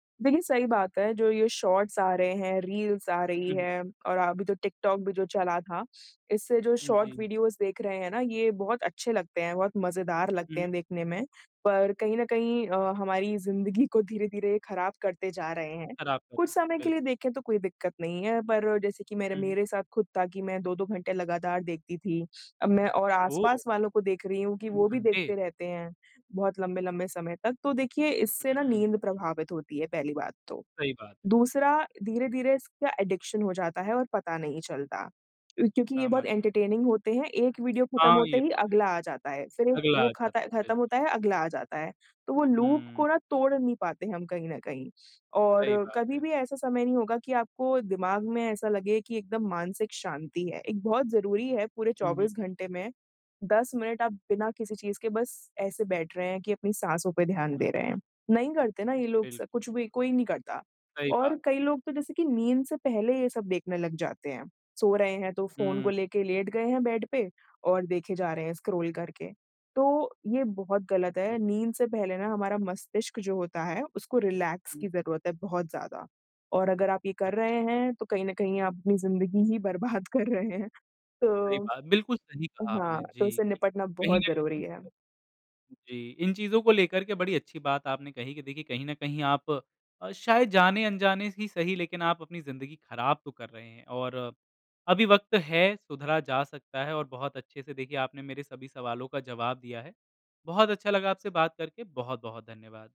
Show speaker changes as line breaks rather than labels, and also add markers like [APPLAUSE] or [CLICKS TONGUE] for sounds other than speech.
देखिए सही बात है जो ये शॉर्ट्स आ रहे हैं, रील्स आ रही
हुँ, हुँ।
हैं और अभी तो टिक-टॉक भी जो चला था, इससे जो
उ,
शॉर्ट
जी।
वीडियोस देख रहे हैं ना ये बहुत अच्छे लगते हैं, बहुत मज़ेदार [CLICKS TONGUE] लगते
उहुँ।
हैं देखने में। पर कहीं न कहीं अ, हमारी ज़िंदगी को धीरे-धीरे ख़राब करते जा रहे हैं।
ख़राब कर
कुछ समय के लिए
बिल्कुल।
देखे तो कोई दिक्कत नहीं है। पर जैसे कि मेरे
हुँ, हुँ।
मेरे साथ खुद था कि मैं 2-2 घंटे लगातार देखती थी। अब मैं और
ओह!
आस-पास वालों को देख रही हूँ कि
2
वो भी
घंटे।
देखते रहते हैं बहुत लंबे-लंबे समय तक। तो देखिए इससे
हुँ,
ना
हुँ,
नींद
हुँ।
प्रभावित होती है पहली बात तो।
सही बात।
दूसरा धीरे-धीरे इसका एडिक्शन हो जाता है और पता नहीं चलता। क्योंकि ये बहुत
समझ गया।
एंटरटेनिंग होते हैं। एक वीडियो खत्म
हाँ,
होते
ये
ही
तो है।
अगला आ जाता है। फिर एक
अगला
वो
आ जात
खाता
बिल्कुल।
ख़त्म होता है, अगला आ जाता है। तो वो लूप
हुँ।
को ना तोड़ नहीं पाते हैं हम कहीं न कहीं। और
सही बात
कभी
है।
भी ऐसा समय नहीं होगा कि आपको दिमाग में ऐसा लगे कि एकदम मानसिक शांति है। एक बहुत ज़रूरी है पूरे
हुँ, हुँ।
24 घंटे में 10 मिनट आप बिना किसी चीज़ के बस ऐसे बैठ रहे हैं कि अपनी साँसों पे ध्यान
हुँ,
दे
हुँ।
रहे हैं। नहीं करते ना ये लोग स कुछ
बिल्कुल।
भी, कोई नहीं करता।
सही बात है।
और कई लोग तो जैसे कि नींद से पहले ये सब देखने लग जाते हैं। सो रहे हैं तो फ़ोन को
हुँ।
लेके लेट गए हैं बेड पे और देखे जा रहे हैं स्क्रॉल करके। तो ये बहुत गलत है,
[UNINTELLIGIBLE]
नींद से पहले ना हमारा मस्तिष्क जो होता है उसको रिलैक्स
हुँ।
की ज़रूरत है बहुत ज़्यादा। और अगर आप ये कर
अच्छ
रहे हैं तो कहीं न कहीं अपनी ज़िंदगी ही बर्बाद कर रहे हैं।
सही
तो
बात। बिल्कुल सही कहा
हाँ,
आपने।
तो
जी,
उससे
कि
निपटना
कहीं
बहुत
न
ज़रूरी
कहीं
है।
जी, इन चीज़ों को लेकर के बड़ी अच्छी बात आपने कही कि देखिए कहीं न कहीं आप शायद जाने-अनजाने ही सही लेकिन आप अपनी ज़िंदगी ख़राब तो कर रहे हैं। और अभी वक़्त है, सुधरा जा सकता है। और बहुत अच्छे से देखिए आपने मेरे सभी सवालों का जवाब दिया है। बहुत अच्छा लगा आपसे बात करके। बहुत-बहुत धन्यवाद।